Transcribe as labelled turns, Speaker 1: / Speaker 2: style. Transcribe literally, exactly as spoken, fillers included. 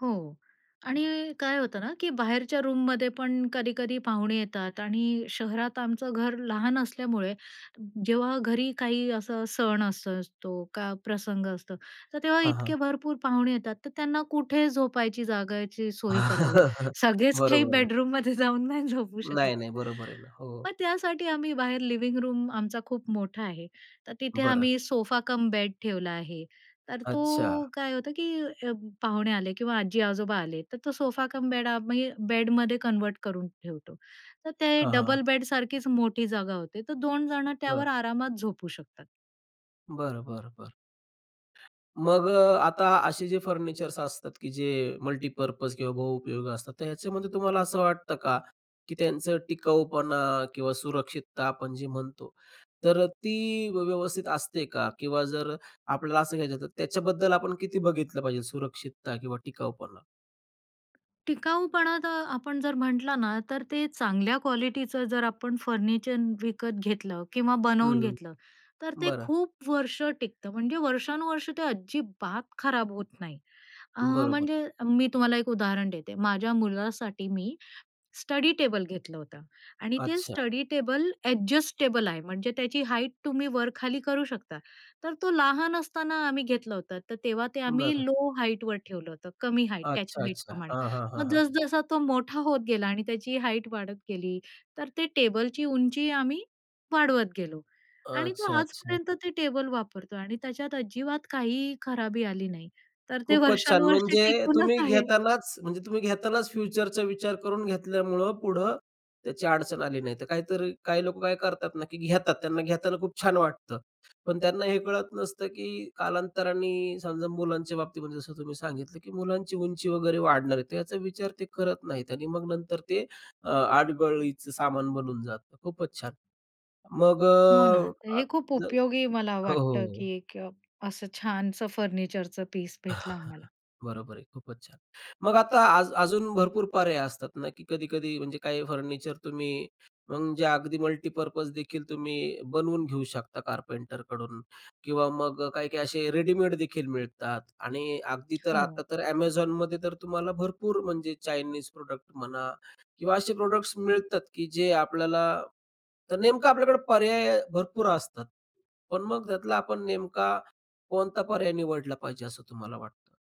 Speaker 1: हो
Speaker 2: हां.
Speaker 1: आणि काय होतं ना, की बाहेरच्या रूममध्ये पण कधी-कधी पाहुणे येतात आणि शहरात आमचं घर लहान असल्यामुळे जेव्हा घरी काही असा सण असं असतो, का प्रसंग असतो तर तेव्हा
Speaker 2: हां, हां.
Speaker 1: इतके भरपूर पाहुणे येतात तर त्यांना कुठे झोपायची जागाची सोय करावी. सगळेच काही
Speaker 2: बरोबर आहे.
Speaker 1: बेडरूममध्ये जाऊन नाही झोपू शकत.
Speaker 2: नाही, नाही, बरोबर आहे ना. हो.
Speaker 1: मग त्यासाठी आम्ही बाहेर लिव्हिंग रूम आमचा खूप मोठा आहे. तर तिथे
Speaker 2: बरं.
Speaker 1: आम्ही सोफा कम बेड ठेवला आहे तर
Speaker 2: अच्छा.
Speaker 1: तो काय होतं, की अ, पाहुणे आले किंवा आजी-आजोबा आले तर तो सोफा कम बेड आम्ही बेडमध्ये कन्व्हर्ट करून ठेवतो तर ते
Speaker 2: हां, हां.
Speaker 1: डबल बेड सारखीच मोठी जागा होते तर दोन जण
Speaker 2: बरं.
Speaker 1: त्यावर आरामात झोपू शकतात.
Speaker 2: बरं, बरं, बरं. मग अ, आता असे जे फर्निचर्स असतात की जे मल्टीपर्पज किंवा बहुउपयोगी असतात तर ह्याच्यामध्ये तुम्हाला असं वाटतं का, की त्यांचं टिकाऊपणा किंवा सुरक्षितता आपण जे म्हणतो तर ती व्यवस्थित असते का किंवा जर आपल्याला असं घ्यायचं आहे तर त्याच्याबद्दल आपण किती बघितलं पाहिजे सुरक्षितता किंवा टिकाऊपणा?
Speaker 1: टिकाऊपणा तर आपण जर म्हटलं ना, तर ते चांगल्या क्वालिटीच जर आपण फर्निचर विकत घेतलं किंवा
Speaker 2: हं,
Speaker 1: बनवून
Speaker 2: हं.
Speaker 1: घेतलं. तर ते
Speaker 2: बरं.
Speaker 1: खूप वर्ष टिकतं म्हणजे वर्षानुवर्ष ते अजिबात खराब होत नाही. अ,
Speaker 2: बरोबर.
Speaker 1: म्हणजे मी तुम्हाला एक उदाहरण देते. माझ्या मुलासाठी मी स्टडी टेबल घेतलं होतं आणि ते
Speaker 2: अच्छा.
Speaker 1: स्टडी टेबल ॲडजस्टेबल आहे म्हणजे त्याची हाईट तुम्ही वर-खाली करू शकता. तर तो लहान असताना आम्ही घेतलं होतं तर तेव्हा ते आम्ही
Speaker 2: बरं.
Speaker 1: लो हाईटवर ठेवलं होतं, कमी हाईट त्या
Speaker 2: अच्छा,
Speaker 1: हाईट
Speaker 2: अच्छा.
Speaker 1: प्रमाणे
Speaker 2: हां, हां, हां,
Speaker 1: मग
Speaker 2: हां.
Speaker 1: जस जसा तो मोठा होत गेला आणि त्याची हाईट वाढत गेली तर ते टेबलची उंची आम्ही वाढवत गेलो आणि तो
Speaker 2: अच्छा, अच्छा.
Speaker 1: आजपर्यंत ते टेबल वापरतोय आणि त्याच्यात अजिबात काही खराबी आली नाही. तर ते
Speaker 2: खूपच छान
Speaker 1: वर्षानुवर्षे
Speaker 2: म्हणजे तुम्ही
Speaker 1: टिकूनच आहे.
Speaker 2: घेतानाच म्हणजे तुम्ही घेतानाच फ्युचरचा विचार करून घेतल्यामुळं पुढं त्याची अडचण आली नाही. तर काहीतरी काही लोकं काय करतात ना, की घेतात त्यांना घेताना खूप छान वाटतं. पण त्यांना हे कळत नसतं, की कालांतराने समजा मुलांच्या बाबतीमध्ये जसं तुम्ही सांगितलं, की मुलांची उंची वगैरे वाढणार आहे तर याचा विचार ते करत नाहीत आणि मग नंतर ते अ, अडगळीचं सामान बनून जातं. खूपच छान. मग
Speaker 1: हो ना,
Speaker 2: अ,
Speaker 1: तर
Speaker 2: आता
Speaker 1: हे खूप
Speaker 2: जर
Speaker 1: उपयोगी मला
Speaker 2: हो, हो,
Speaker 1: वाटतं,
Speaker 2: हो.
Speaker 1: की एक अ, असं छानसं फर्निचरचं पीस भेटलं आम्हाला.
Speaker 2: बरोबर आहे. खूपच छान. मग आता अजू अजून भरपूर पर्याय असतात ना, की कधी-कधी म्हणजे काही फर्निचर तुम्ही मग जे अगदी मल्टीपर्पज देखील तुम्ही बनवून घेऊ शकता कारपेंटरकडून किंवा मग अ, काही-काही असे रेडीमेडदेखील मिळतात आणि अगदी तर
Speaker 1: हो.
Speaker 2: आता तर Amazonमध्ये तर तुम्हाला भरपूर म्हणजे चाइनीज प्रॉडक्ट म्हणा किंवा असे प्रॉडक्ट्स मिळतात, की जे आपल्याला तर नेमकं आपल्याकडे पर्याय भरपूर असतात. पण मग त्यातला आपण नेमका कोणता पर्याय निवडला पाहिजे असं तुम्हाला वाटतं?